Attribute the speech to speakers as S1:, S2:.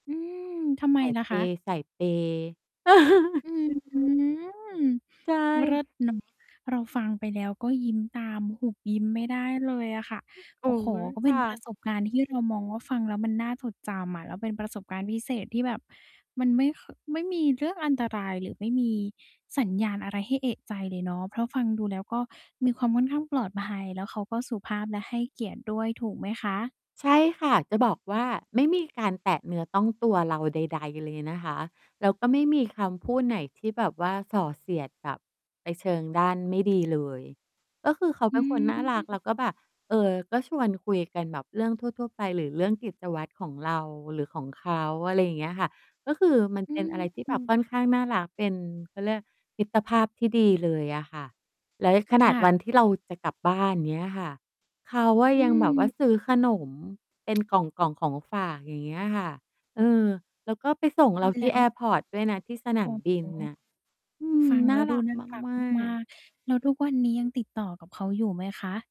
S1: อืม ทำไม
S2: สาย
S1: ล่ะ
S2: เป
S1: คะ?
S2: ย์ สายเปย์
S1: อื้อฮือ
S2: ใช
S1: เลิ
S2: ่
S1: ศเลย เราฟังไปแล้วก็ยิ้มตาม หุบยิ้มไม่ได้เลยอะค่ะ
S2: โอ
S1: โอ
S2: ๊
S1: ้โฮ
S2: ย
S1: ก็เ
S2: ค
S1: ป็น
S2: ่
S1: ประ
S2: ะ
S1: สบ การณ์ที่เรามองว่า ฟังแล้วมันน่าจดจำอะ แล้วเป็นประสบการณ์พิเศษที่แบบมันไม่ ค ไม่มีเรื่องอันตรายหรือไม่มีสัญญาณอะไรให้เอะใจเลยเนาะ เพราะฟังดูแล้วก็มีความค่อนข้างปลอดภัย แล้วเขาก็สุภาพและให้เกียรติด้วย ถูกไหมคะ?
S2: ใช่ค่ะ จะบอกว่า ไม่มีการแตะเนื้อต้องตัวเราใด ๆ เลยนะคะ แล้วก็ไม่มีคำพูดไหนที่แบบว่าส่อเสียดแบบไปเชิงด้านไม่ดีเลย ก็คือเขา
S1: อ
S2: เป็
S1: ื
S2: นคนน่ารักแล
S1: ม
S2: ้วก็แบบ เออ ก็ชวนคุยกันแบบเรื่องทั่ว ๆ ไปหรือเรื่องกิจวัตรของเราหรือของเขา อะไรอย่างเงี้ยค่ะ ก็คือมัน
S1: อื
S2: เป็นอะไรที่แบบ
S1: ม
S2: ค่อนข้างน่ารัก เป็น เขาเรียกมิตรภาพที่ดีเลยอะค่ะ แล้ว ย ข
S1: ค
S2: นาด
S1: ่
S2: วัน
S1: ะ
S2: ที่เราจะกลับบ้าน เงี้ยค่ะ เขาอะ
S1: อื
S2: ยังแบบว่า
S1: ม
S2: ซื้อขนมเป็น กล่อง ๆ ของฝาก อย่างเงี้ยค่ะ เออ แล้วก็ไปส่งเราท
S1: แ
S2: ี
S1: ล้
S2: ่แอ
S1: ว
S2: ร์พอร์ต ด้วยนะ ที่สน
S1: โอ
S2: า
S1: ้
S2: มบิ
S1: โฮ
S2: นน่ะ อืม
S1: ฟัง
S2: น
S1: แ
S2: ่
S1: ล้
S2: า
S1: วดู
S2: รัก
S1: น่ารัก
S2: มา
S1: มา
S2: ก ๆ
S1: ก ๆ แล้วทุกวันนี้ ยังติดต่อกับเขาอยู่ไหมคะ?